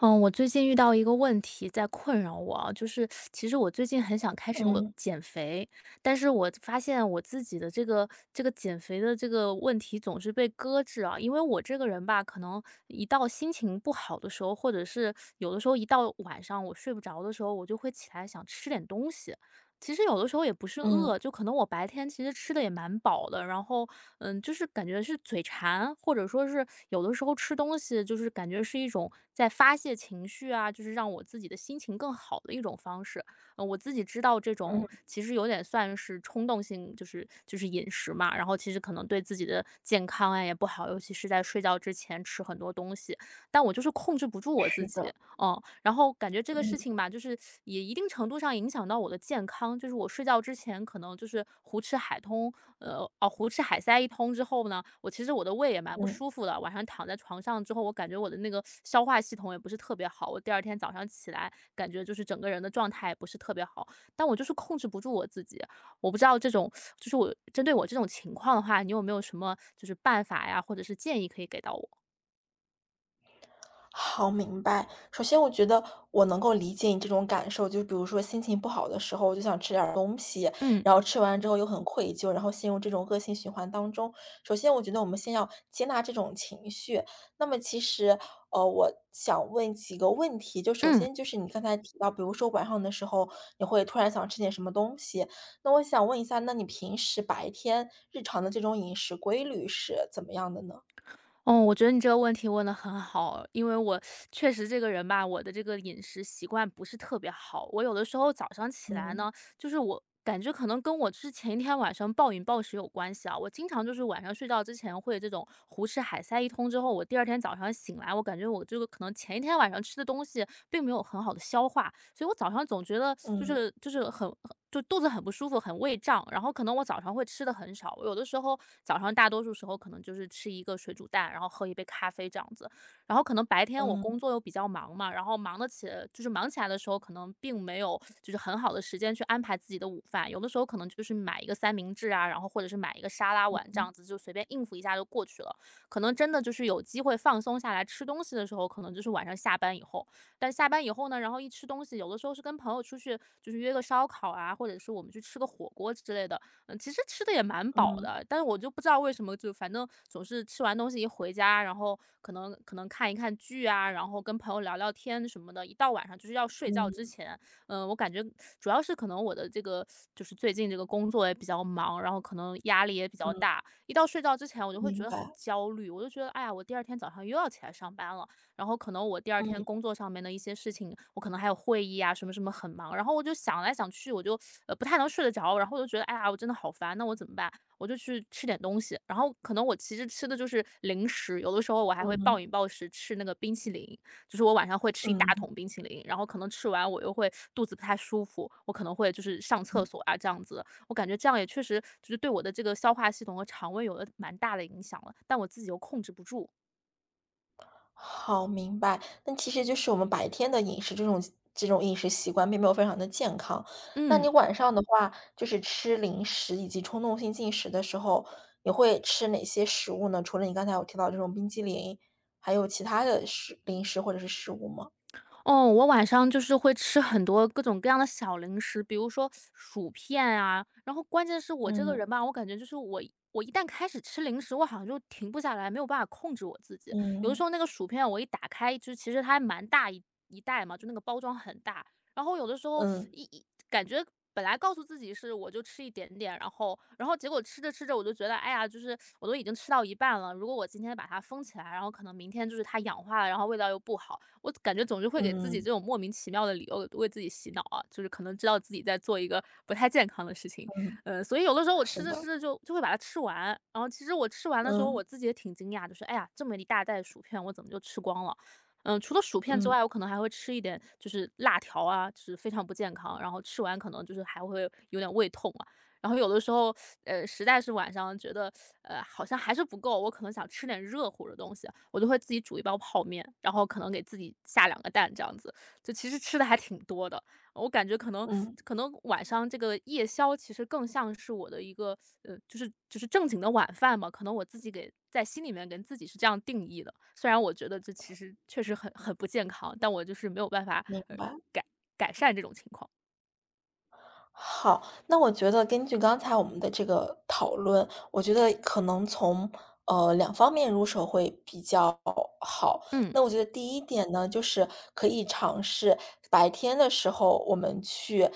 呃，我最近遇到一个问题在困扰我啊，就是 其实我最近很想开始哦，嗯。减肥，但是我发现我自己的这个这个减肥的这个问题总是被搁置啊。因为我这个人吧，可能一到心情不好的时候，或者是有的时候一到晚上我睡不着的时候，我就会起来想吃点东西。其实有的时候也不是嗯。饿，就可能我白天其实吃得也蛮饱的。然后，嗯，就是感觉是嘴馋，或者说是有的时候吃东西就是感觉是一种在发泄情绪啊，就是让我自己的心情更好的一种方式。呃，我自己知道这嗯。种其实有点算是冲动性，就是就是饮食嘛，然后其实可能对自己的健康呀，也不好，尤其是在睡觉之前吃很多东西。但我就是控制不住我自是己。的。呃，然后感觉这个事嗯。情吧，就是也一定程度上影响到我的健康。就是我睡觉之前可能就是胡吃海通呃，哦，胡吃海塞一通之后呢，我其实我的胃也蛮不嗯。舒服的，晚上躺在床上之后，我感觉我的那个 消化系统也不是特别好。我第2天早上起来感觉就是整个人的状态也不是特别好，但我就是控制不住我自己。我不知道这种，就是我针对我这种情况的话，你有没有什么就是办法呀，或者是建议可以给到我？好，明白。首先我觉得我能够理解你这种感受，就比如说心情不好的时候，我就想吃点儿东西，嗯。然后吃完之后又很愧疚，然后陷入这种恶性循环当中。首先我觉得我们先要接纳这种情绪。那么其实，呃，我想问几个问题。就首嗯。先就是你刚才提到，比如说晚上的时候你会突然想吃点什么东西。那我想问一下，那你平时白天日常的这种饮食规律是怎么样的呢？哦，我觉得你这个问题问得很好。因为我 确实这个人吧，我的这个饮食习惯不是特别好。我有的时候，早上起来嗯。呢，就是我感觉可能跟我之前一天晚上暴饮暴食有关系啊。我经常就是晚上睡觉之前会有这种胡吃海塞一通之后，我第2天早上醒来，我感觉我这个可能前一天晚上吃的东西并没有很好地消化，所以我早上总觉得，就嗯。是就是很很就肚子很不舒服，很胃胀。然后可能我早上会吃的很少，我有的时候早上大多数时候可能就是吃一个水煮蛋，然后喝一杯咖啡这样子。然后可能白天我嗯。工作又比较忙嘛，然后忙得起就是忙起来的时候，可能并没有 就是很好的时间去安排自己的午饭。有的时候可能就是买一个三明治啊，然后或者是买一个沙拉嗯碗这嗯。样子，就随便应付一下就过去了。可能真的就是有机会放松下来吃东西的时候，可能就是晚上下班以后。但是下班以后呢，然后一吃东西有的时候是跟朋友出去，就是约个烧烤啊，或者是我们去吃个火锅之类的。呃，其实吃得也蛮饱嗯。的，但是我就不知道为什么，就反正总是吃完东西一回家，然后可能可能看一看剧啊，然后跟朋友聊聊天什么的，一到晚上就是要睡觉之嗯。前，嗯，我感觉 主要是可能我的这个，就是最近这个工作也比较忙，然后可能压力也比较嗯。大。一到睡觉之前我就会觉明得很白。焦虑，我就觉得“哎呀，我第2天早上又要起来上班了”。然后可能我第2天嗯。工作上面的一些事情，我可能还有会议啊，什么什么很忙，然后我就想来想去我就，呃，不太能睡得着，然后我就觉得，“哎呀，我真的好烦，那我怎么办”。我就去吃点东西。然后可能我其实吃的就是零食，有的时候我还会暴嗯。饮暴食吃那个冰淇淋。就是我晚上会吃一大嗯。桶冰淇淋，然后可能吃完我又会肚子不太舒服，我可能会就是上厕嗯。所啊，这样子。我感觉这样，也确实就是对我的这个消化系统和肠胃有了蛮大的影响了，但我自己又控制不住。好，明白，那其实就是我们白天的饮食，这种这种饮食习惯并没有非常地健康。那嗯。你晚上的话，就是吃零食以及冲动性进食的时候，你会吃哪些食物呢？除了你刚才有提到这种冰淇淋，还有其他的食零食或者是食物吗？哦，我晚上就是会吃很多各种各样的小零食，比如说薯片啊，然后关键是我这个嗯。人吧，我感觉就是我我一旦开始吃零食，我好像就停不下来，没有办法控制我自己。有的时嗯。候那个薯片我一打开，就是其实它还蛮大一一袋嘛，就那个包装很大。然后有的时候，嗯。一一感觉本来告诉自己是，我就吃一点点。然后然后结果吃着吃着，我就觉得，哎呀，就是我都已经吃到一半了，如果我今天把封起来，然后可能明天就是它氧化了，然后味道又不好。我感觉总是会给自己嗯。这种莫名其妙的理由，为为自己洗脑啊，就是可能知道自己在做一个不太健康的事情。嗯。呃，所以有的时候我是吃着的。吃着就就会把它吃完。然后其实我吃完的时候，嗯。我自己也挺惊讶的，说，哎呀，这么一大袋薯片我怎么就吃光了，呃，除了薯片之嗯。外，我可能还会吃一点就是辣条啊，就是非常不健康，然后吃完可能就是还会有点胃痛啊。然后有的时候，呃，实在是晚上觉得 好像还是不够，我可能想吃点热乎的东西，我都会自己煮1包泡面，然后可能给自己下2个蛋，这样子。就其实吃得还挺多的，呃，我感觉可能嗯。可能晚上这个夜宵其实更像是我的一个，呃，就是就是正经的晚饭吧。可能我自己给在心里面，跟自己是这样定义的，虽然我觉得这其实确实很很不健康，但我就是没有办法，明呃，白。改改善这种情况。好，那我觉得根据刚才我们的这个讨论，我觉得可能从，呃，2方面入手会比较好。嗯。那我觉得第一点呢，就是可以尝试白天的时候，我们去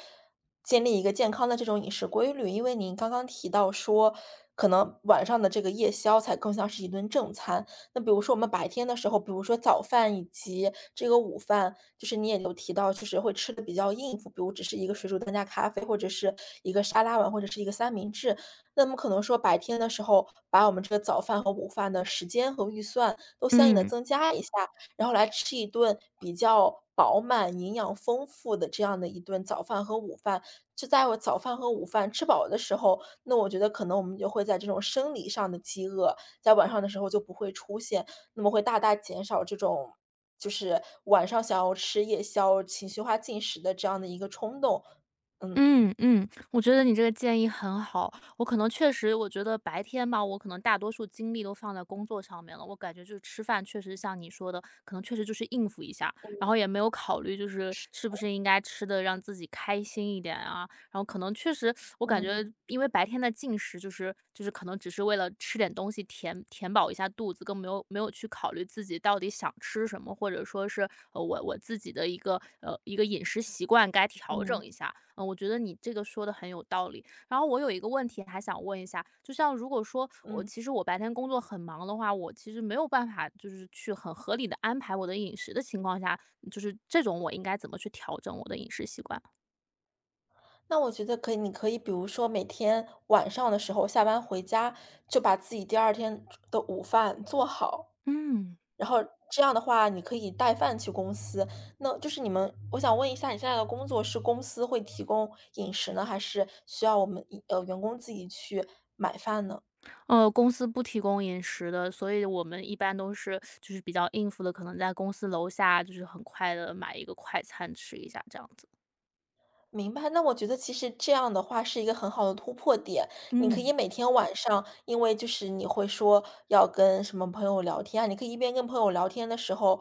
建立一个健康的这种饮食规律，因为您刚刚提到说可能晚上的这个夜宵才更像是一顿正餐，那比如说我们白天的时候，比如说早饭以及这个午饭，就是你也有提到就是会吃得比较应付，比如只是1个水煮蛋加咖啡，或者是1个沙拉碗，或者是1个三明治，那么可能说白天的时候，把我们这个早饭和午饭的时间和预算，都相应地嗯。增加一下。然后来吃一顿比较饱满、营养丰富的这样的1顿早饭和午饭，就在我早饭和午饭吃饱的时候，那我觉得可能我们就会在这种生理上的饥饿，在晚上的时候就不会出现，那么会大大减少这种，就是晚上想要吃夜宵，情绪化进食的这样的一个冲动，嗯。嗯嗯，我觉得你这个建议很好，我可能确实我觉得白天吧，我可能大多数精力都放在工作上面了，我感觉就是吃饭确实像你说的，可能确实就是应付一下，然嗯。后也没有考虑就是是是不的。是应该吃得让自己开心一点啊，然后可能确实 我感嗯。觉因为白天的进食，就是就是可能只是为了吃点东西，填填饱一下肚子，更没有没有去考虑自己到底想吃什么，或者说是，呃，我我自己的一个呃，一个饮食习惯，该调嗯。整一下，嗯，我觉得你这个说得很有道理。然后我有一个问题还想问一下，就像如果说我嗯。其实我白天工作很忙的话，我其实没有办法就是去很合理地安排我的饮食的情况下，就是这种我应该怎么去调整我的饮食习惯？那我觉得可以你可以比如说每天晚上的时候下班回家就把自己第二天的午饭做好。嗯。然后这样的话你可以带饭去公司，那就是你们，我想问一下你现在的工作是公司会提供饮食呢？还是需要我们，呃，员工自己去买饭呢？哦，公司不提供饮食的，所以我们一般都是，就是比较应付的，可能在公司楼下就是很快地买一个快餐吃一下这样子。明白，那我觉得其实这样的话是一个很好的突破点。你可以嗯。每天晚上因为就是你会说要跟什么朋友聊天，你可以一边跟朋友聊天的时候，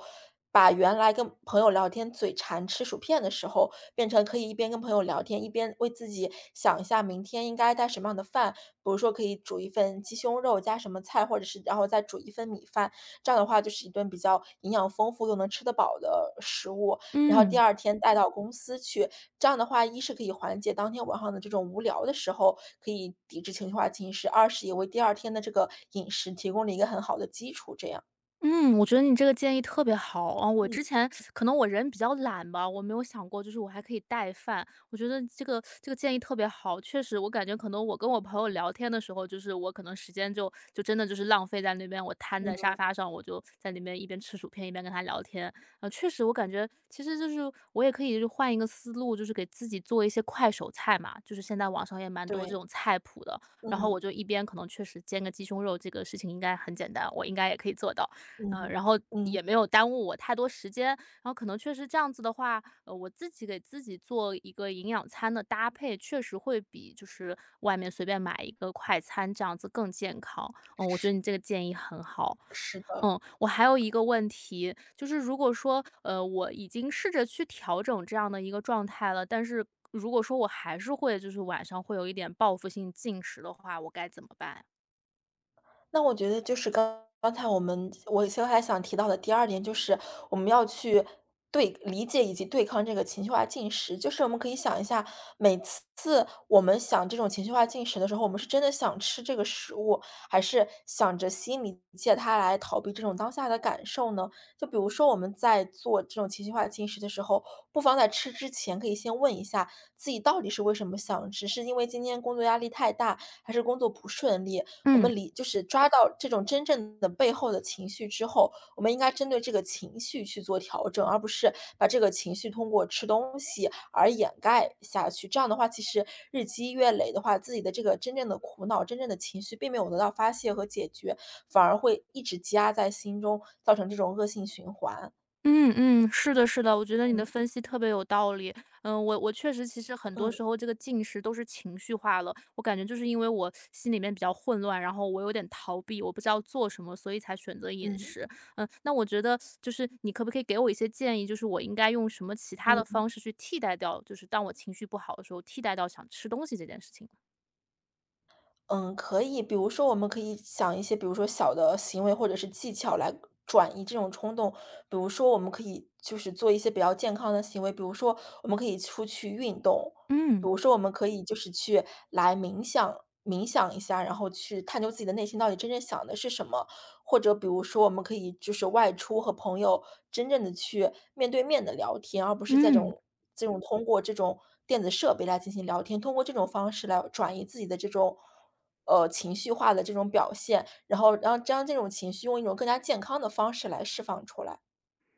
把原来跟朋友聊天，嘴馋吃薯片的时候，变成可以一边跟朋友聊天，一边为自己想一下明天应该带什么样的饭，比如说可以煮1份鸡胸肉加什么菜，或者是然后再煮1份米饭，这样的话就是一顿比较营养丰富又能吃得饱的食物，然后第嗯。2天带到公司去。这样的话，一是可以缓解当天晚上的这种无聊的时候可以抵制情绪化侵蚀；二是也为第2天的这个饮食提供了一个很好的基础这样。嗯，我觉得你这个建议特别好。哦我嗯。之前，可能我人比较懒吧，我没有想过就是我还可以带饭，我觉得这个这个建议特别好。确实我感觉可能我跟我朋友聊天的时候，就是我可能时间就就真的就是浪费在那边，我摊在沙嗯。发上，我就，在那边一边吃薯片，一边跟他聊天。呃，确实我感觉其实就是我也可以换一个思路，就是给自己做一些快手菜嘛，就是现在网上也蛮多这对。种菜谱的。然后我嗯。就一边可能确实煎个鸡胸肉，这个事情应该很简单，我应该也可以做到，嗯呃哼。然后，嗯。也没有耽误我太多时间，呃，可能确实这样子的话，呃，我自己给自己做一个营养餐的搭配，确实会比就是，外面随便买一个快餐这样子更健康。呃，我觉是。得你这个建议很好。是的。嗯，我还有一个问题，就是如果说，呃，我已经试着去调整这样的一个状态了，但是，如果说我还是会就是晚上会有一点报复性进食的话，我该怎么办？那我觉得就是，刚刚才我们我其实还想提到的第2点就是，我们要去对理解以及对抗这个情绪化进食，就是我们可以想一下，每次次我们想这种情绪化进食的时候，我们是真的想吃这个食物，还是，想着心里借它来逃避这种当下的感受呢？就比如说我们在做这种情绪化进食的时候，不妨在吃之前可以先问一下，自己到底是为什么想？只是因为今天工作压力太大？还是工作不顺利？我嗯。们理就是抓到这种真正的背后的情绪之后，我们应该针对这个情绪去做调整，而不是，把这个情绪通过吃东西而掩盖下去。这样的话其实日积月累的话，自己的这个真正的苦恼、真正的情绪并没有得到发泄和解决，反而会一直积压在心中，造成这种恶性循环。嗯嗯，是的是的，我觉得你的嗯。分析特别有道理。嗯，我我确实其实很多时嗯。候这个进食都是情绪化了。我感觉就是因为我心里面比较混乱，然后我有点逃避，我不知道做什么，所以才选择饮嗯。食。嗯，那我觉得 就是你可不可以给我一些建议，就是我应该用什么其他的嗯。方式去替代掉，就是当我情绪不好的时候，替代掉想吃东西这件事情呢？嗯，可以，比如说我们可以想一些比如说小的行为，或者是技巧来转移这种冲动，比如说我们可以就是做一些比较健康的行为，比如说我们可以出去运动。比嗯。如说我们可以就是去来冥想冥想一下，然后去探究自己的内心到底真正想的是什么。或者比如说我们可以就是外出和朋友真正地去面对面地聊天儿，而不是这嗯。种这种通过这种电子设备来进行聊天，通过这种方式来转移自己的这种，呃，情绪化的这种表现，然后让将这种情绪用一种更加健康的方式来释放出来。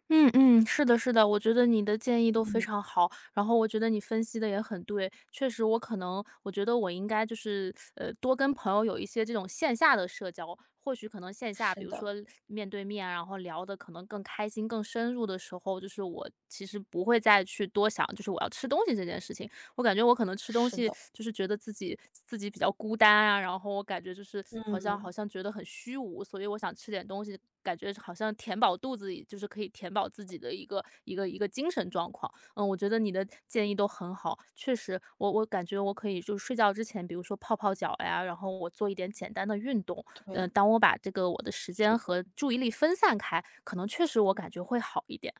嗯嗯，是的是的，我觉得你的建议都非嗯。常好。然后我觉得你分析得也很对，确实我可能，我觉得我应该就是，呃，多跟朋友有一些这种线下的社交。或许可能线下，比是如说的。面对面，然后聊得可能更开心更深入的时候，就是我其实不会再去多想，就是我要吃东西这件事情。我感觉我可能吃东是西的。就是觉得自己自己比较孤单啊，然后我感觉就是好像好嗯。像觉得很虚无，所以我想吃点东西。感觉好像填饱肚子里，就是可以填饱自己的一个一个一个精神状况。嗯，我觉得你的建议都很好，确实我我感觉我可以就睡觉之前，比如说泡泡脚呀，然后我做一点简单的运动，对。嗯，当我把这个我的时间是的。和注意力分散开，可能确实我感觉会好一点。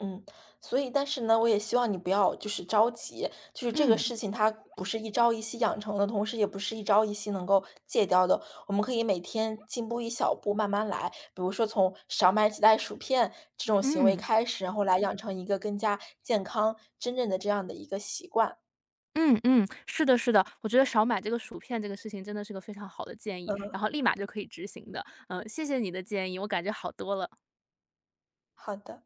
嗯。所以但是呢，我也希望你不要就是着急，就是这个嗯。事情它不是一朝一夕养成的，同时也不是一朝一夕能够戒掉的。我们可以每天进步一小步，慢慢来。比如说从少买几袋薯片这种行为嗯。开始，然后来养成一个更加健康，真正的这样的一个习惯。嗯嗯。是的是的。我觉得少买这个薯片，这个事情真的是个非常好的建议，嗯。然后立马就可以执行的。嗯，谢谢你的建议，我感觉好多了。好的。